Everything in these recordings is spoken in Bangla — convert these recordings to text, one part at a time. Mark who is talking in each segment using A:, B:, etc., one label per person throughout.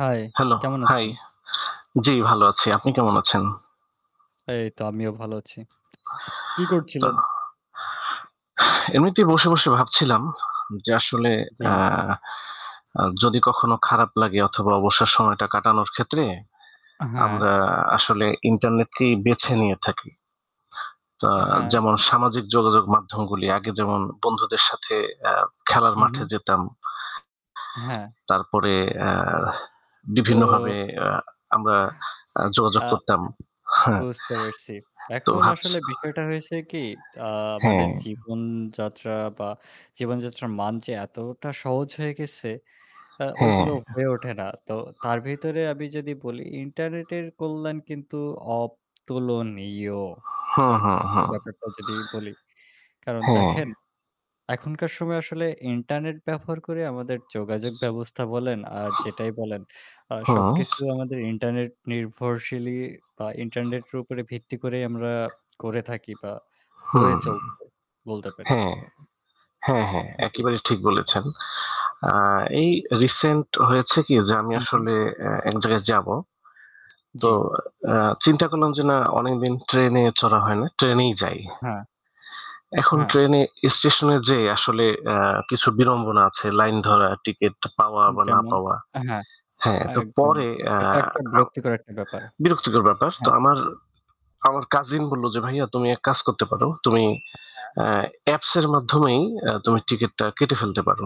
A: হায়,
B: হ্যালো,
A: কেমন
B: হাই।
A: আছেন?
B: জি, ভালো আছি। আপনি কেমন আছেন?
A: এই তো আমিও ভালো আছি। কি
B: তা।
A: করছিলেন?
B: এমনিতেই বসে বসে ভাবছিলাম যে আসলে আ
A: জ্বী।
B: যদি কখনো খারাপ লাগে অথবা অবসর সময়টা কাটানোর ক্ষেত্রে
A: আ হ্যাঁ।
B: আমরা আসলে ইন্টারনেটকেই বেছে নিয়ে থাকি। আ
A: আ হ্যাঁ।
B: যেমন সামাজিক যোগাযোগ মাধ্যমগুলি আগে যেমন বন্ধুদের সাথে অ্যা খেলার
A: উম,
B: মাঠে
A: হুম।
B: যেতাম।
A: হ্যাঁ।
B: তারপরে অ্যা
A: তো
B: বিভিন্নভাবে আমরা যোগাযোগ
A: আ
B: করতাম। হু,
A: বুঝতে পারসি।
B: তো
A: এখন
B: ভাবছি
A: আসলে বিষয়টা হয়েছে কি আ আমাদের
B: হ্যাঁ।
A: জীবনযাত্রা বা জীবনযাত্রার মান যে এতটা সহজ হয়ে গেছে আ
B: হ্যাঁ।
A: ওইগুলো হয়ে ওঠে না তো তার ভিতরে আমি যদি বলি ইন্টারনেটের কল্যাণ কিন্তু অতুলনীয়
B: হু,
A: আর
B: হু,
A: কি
B: হু।
A: ব্যাপারটা যদি বলি, কারণ
B: হ্যাঁ।
A: দেখেন এখনকার সময় আসলে ইন্টারনেট ব্যবহার করে আমাদের যোগাযোগ ব্যবস্থা বলেন আর যেটাই বলেন আ
B: হুম।
A: সবকিছু আমাদের ইন্টারনেট নির্ভরশীল বা ইন্টারনেটের উপরে ভিত্তি করেই আমরা করে থাকি বা হয়ে
B: হুম।
A: চলছে বলতে পারি।
B: হ্যাঁ, হ্যাঁ, হ্যাঁ
A: হু, জি।
B: একেবারেই ঠিক বলেছেন। আ এই রিসেন্ট হয়েছে কি যে আমি
A: হু, হু।
B: আসলে অ্যা এক জায়গায় যাবো।
A: জি।
B: তো আ চিন্তা করলাম যে না অনেকদিন ট্রেনে চড়া হয় না। ট্রেনেই যাই।
A: হ্যাঁ।
B: এখন
A: হ্যাঁ।
B: ট্রেনে স্টেশনে যেয়ে আসলে আ কিছু বিড়ম্বনা আছে। লাইন ধরা, টিকিট পাওয়া বা না
A: যেমন,
B: পাওয়া।
A: আ হ্যাঁ,
B: হ্যাঁ, তো
A: একদম।
B: পরে আ
A: এটা একটা বিরক্তিকর একটা ব্যাপার।
B: বিরক্তিকর ব্যাপার। তো
A: হ্যাঁ।
B: আমার, আমার কাজিন বলল যে, "ভাইয়া তুমি এক কাজ করতে পারো। তুমি
A: হ্যাঁ।
B: অ্যা অ্যাপস এর মাধ্যমেই অ্যা তুমি টিকিটটা কেটে ফেলতে পারো।"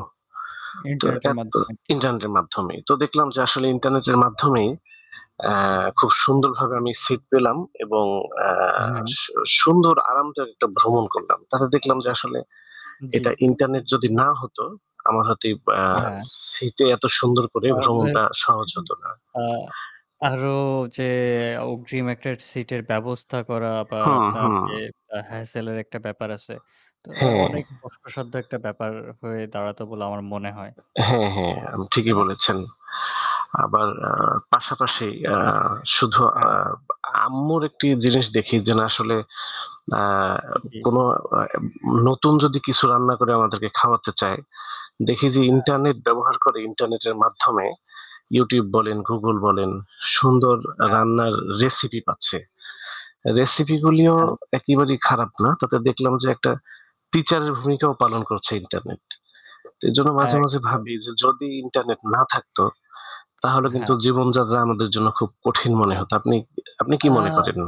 B: তো
A: ইন্টারনেটের
B: অ্যাপ তো
A: মাধ্যমে আরকি।
B: ইন্টারনেটের মাধ্যমেই। তো দেখলাম যে আসলে ইন্টারনেটের মাধ্যমেই অ্যা খুব সুন্দরভাবে আমি সিট পেলাম এবং আ
A: হুম।
B: সু সুন্দর আরামদায়ক একটা ভ্রমণ করলাম। তাতে দেখলাম যে আসলে এটা
A: জি।
B: ইন্টারনেট যদি না হতো আমার হয়ত অ্যা
A: হ্যাঁ।
B: সিটে এত সুন্দর করে
A: তাহলে
B: ভ্রমণটা সহজ হত না।
A: আ আরো যে অগ্রিম একটা সিটের ব্যবস্থা করা বা
B: হুম,
A: আপনার যে
B: হুম।
A: হ্যাসেলের একটা ব্যাপার আছে। তো
B: হ্যাঁ।
A: অনেক কষ্টসাধ্য একটা ব্যাপার হয়ে দাঁড়াতো বলে আমার মনে হয়।
B: হ্যাঁ, হ্যাঁ
A: তাই
B: ঠিকই
A: না?
B: বলেছেন। আবার আ
A: জি।
B: পাশাপাশি অ্যা শুধু আ
A: হ্যাঁ।
B: আম্মুর একটি জিনিস দেখি যে না আসলে আ
A: জি।
B: কোন নতুন যদি কিছু রান্না করে আমাদেরকে খাওয়াতে চায়। দেখি যে
A: হ্যাঁ।
B: ইন্টারনেট ব্যবহার করে ইন্টারনেটের মাধ্যমে YouTube বলেন, Google বলেন সুন্দর
A: হ্যাঁ।
B: রান্নার রেসিপি পাচ্ছে। রেসিপিগুলিও
A: হ্যাঁ।
B: একেবারেই খারাপ না। তাতে দেখলাম যে একটা টিচারের ভূমিকাও পালন করছে ইন্টারনেট। এজন্য মাঝে মাঝে
A: একদম।
B: ভাবি যে যদি ইন্টারনেট না থাকতো তাহলে কিন্তু
A: হ্যাঁ।
B: জীবনযাত্রা আমাদের জন্য খুব কঠিন মনে হত। আপনি আপনি কি মনে
A: আ
B: করেন?